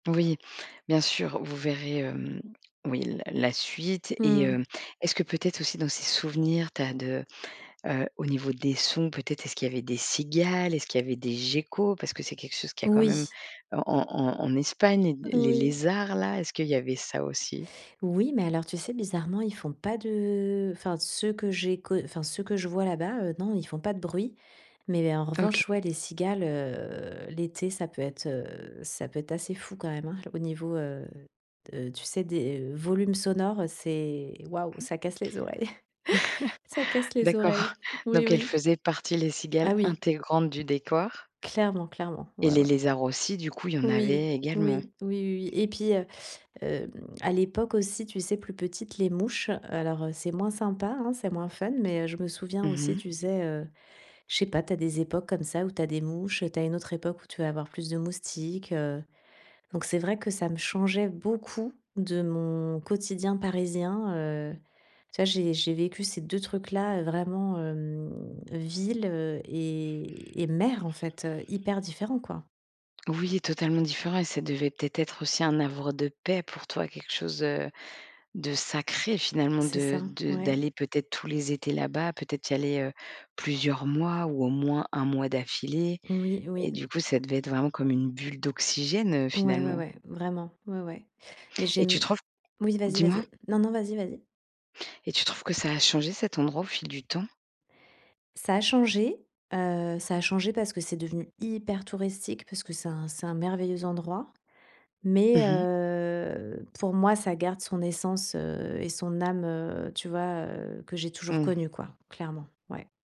Oui. Bien sûr, vous verrez, hem, oui, la la suite Mmh et mh. heu, est-ce que, peut-être, aussi, dans ces souvenirs, tu as de, heu, au niveau des sons, peut-être, est-ce qu'il y avait des cigales? Est-ce qu'il y avait des geckos? Parce que c'est quelque chose qu'il y a, quand même, Oui. heu, en en en en Espagne. Les Oui. lézards-là? Est-ce qu'il y avait ça, aussi? Oui, mais alors, tu sais, bizarrement, ils font pas de enfin, ceux que j'ai co enfin, ceux que je vois là-bas, heu, non, ils font pas de bruit. Mais mais en OK. revanche, ouais, les cigales, heu, l'été, ça peut être, heu, ça peut être assez fou quand même, hein, au niveau, heu heu, tu sais, des, heu, volumes sonores, c'est waouh! Ça casse les oreilles. Ça casse les D'accord. oreilles. Oui, Donc elles oui. faisaient partie, les cigales, Ah oui! intégrante du décor Clairement, clairement. et Ouais, les ouais. lézards aussi, du coup, il y en Oui. Oui. avait également? Oui, oui, oui et puis, heu, hem, à l'époque, aussi, tu sais, plus petite, les mouches, alors, heu, c'est moins sympa, hein, c'est moins fun. Mais, heu, je me souviens, Mmh aussi, mh. tu sais, heu, je sais pas, tu as des époques comme ça où tu as des mouches. Tu as une autre époque où tu vas avoir plus de moustiques. Heu, donc c'est vrai que ça me changeait beaucoup de mon quotidien parisien, heu. Tu vois, j'ai j'ai vécu ces 2 trucs-là, heu, vraiment, hem, villes, heu et et mer, en fait, heu. Hyper différents, quoi. Oui, totalement différent et ça devait, peut-être, être aussi un havre de paix pour toi, quelque chose, heu, de sacré, finalement, C'est de ça. de d'aller, Ouais. peut être, tous les étés là-bas, peut être y aller, heu, plusieurs mois ou au moins, 1 mois d'affilée Oui, et oui. du coup, ça devait être vraiment comme une bulle d'oxygène, heu, Ouais, ouais, finalement ouais, vraiment, ouais, ouais. Mais et tu j'aime trouves Oui, vas-y, Dis-moi vas-y. Non, non, vas-y, vas-y. et tu trouves que ça a changé cet endroit, au fil du temps? Ça a changé. Heu, ça a changé parce que c'est devenu hyper touristique, parce que c'est un c'est un merveilleux endroit. Mmh Mais mh. heu, pour moi, ça garde son essence, heu et son âme, heu, tu vois, heu, que j'ai toujours Mmh. connues, quoi, clairement. Ouais.